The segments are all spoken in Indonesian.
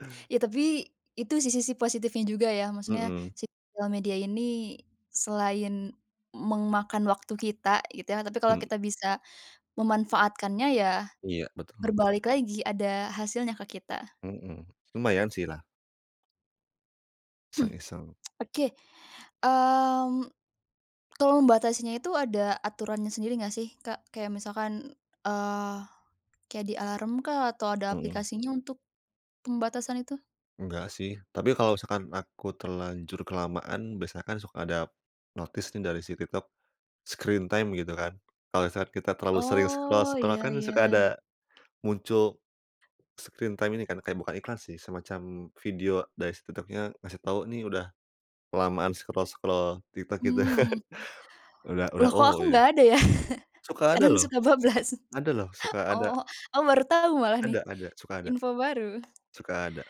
Eee Ya, tapi, itu sih sisi positifnya juga, ya. Maksudnya Mhm. sosial media ini selain memakan waktu kita, gitu, ya, tapi kalau Hmm. kita bisa memanfaatkannya ya Iya, betul. berbalik lagi ada hasilnya ke kita. Mhm. Lumayan sih lah. Iseng-iseng. Oke. Mmm, kalau membatasinya itu ada aturannya sendiri nggak sih, Kak? Kayak misalkan, eee, kayak di alarm kah atau ada Mhm. aplikasinya untuk pembatasan itu? Enggak, sih. Tapi kalau misalkan aku terlanjur kelamaan, biasanya kan suka ada notice nih dari si TikTok, screen time gitu kan. Kalau saat kita terlalu sering Oh, scroll-scroll iya kan suka ada iya. muncul screen time ini kan, kayak bukan iklan sih, semacam video dari si TikTok-nya, ngasih tahu nih udah kelamaan scroll-scroll TikTok itu. Mmm, mhm. Udah udah Loh kok oh aku ya. nggak ada ya? Suka ada Kadang loh. suka bablas. Ada loh. Suka ada. Oh, aku baru tahu malah Ada nih. ada. Suka ada. Info baru. Suka ada.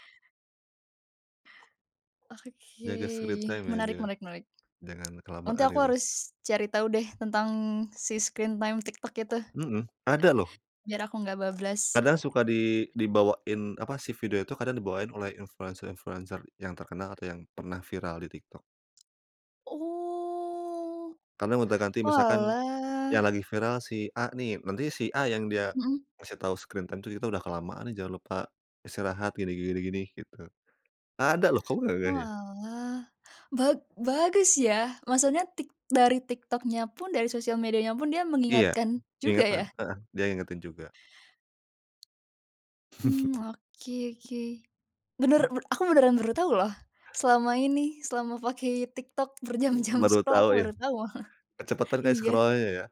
Oke. Jaga screen time ya, Menarik jangan, menarik menarik. jangan Nanti kelamaan, aku gitu. harus cari tahu deh tentang si screen time TikTok itu. Mhm. Ada lho. Biar aku nggak bablas. Kadang suka di dibawain, apa, si video itu kadang dibawain oleh influencer-influencer yang terkenal, atau yang pernah viral di TikTok. Oh. Kadang gonta-ganti, misalkan Oalah. yang lagi viral si A nih, nanti si A yang dia Mhm. ngasih tahu screen time itu, kita udah kelamaan nih, jangan lupa istirahat gini gini gini, gitu. Ada loh. Kamu nggak ngeh, ya? Oalah. Ba bagus ya? Maksudnya Tik dari TikTok-nya pun, dari sosial medianya pun, dia Iya, mengingatkan juga, peringatan. ya? Heeh. Dia ngingetin juga. Mhm. Oke oke. Bener, be aku beneran baru tahu loh. Selama ini, selama pakai TikTok M berjam-jam baru scroll, tahu aku ya? baru tahu malah. Kecepaten kali Iya. scroll-nya ya?